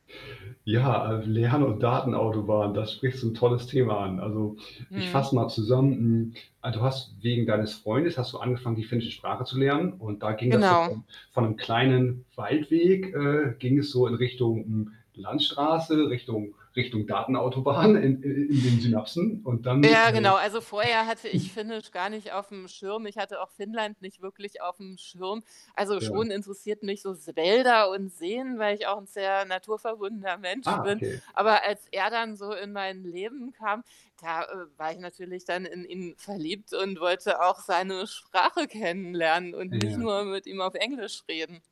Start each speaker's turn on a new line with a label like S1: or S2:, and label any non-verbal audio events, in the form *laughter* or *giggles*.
S1: Ja, äh, Lern und Datenautobahn, da sprichst du 'n tolles Thema an. Also, ich
S2: Mhm.
S1: fasse mal zusammen, hm, also, du hast wegen deines Freundes hast du angefangen, die finnische Sprache zu lernen und da ging das so
S2: Genau.
S1: von von 'nem kleinen Waldweg äh, ging es so in Richtung, hm, Landstraße, Richtung Richtung Datenautobahn in i in den Synapsen und dann,
S2: Ja, genau. Also, vorher hatte
S1: äh
S2: ich
S1: *giggles*
S2: Finnisch gar nicht auf'm Schirm. Ich hatte auch Finnland nicht wirklich auf 'm Schirm. Also,
S1: Ja.
S2: schon interessiert mich so S Wälder und Seen, weil ich auch 'n sehr naturverbundener
S1: Ah,
S2: Mensch bin.
S1: okay.
S2: Aber als er dann so in mein Leben kam, da, äh, war ich natürlich dann in ihn verliebt und wollte auch seine Sprache kennenlernen und nicht
S1: Ja.
S2: nur mit ihm auf Englisch reden.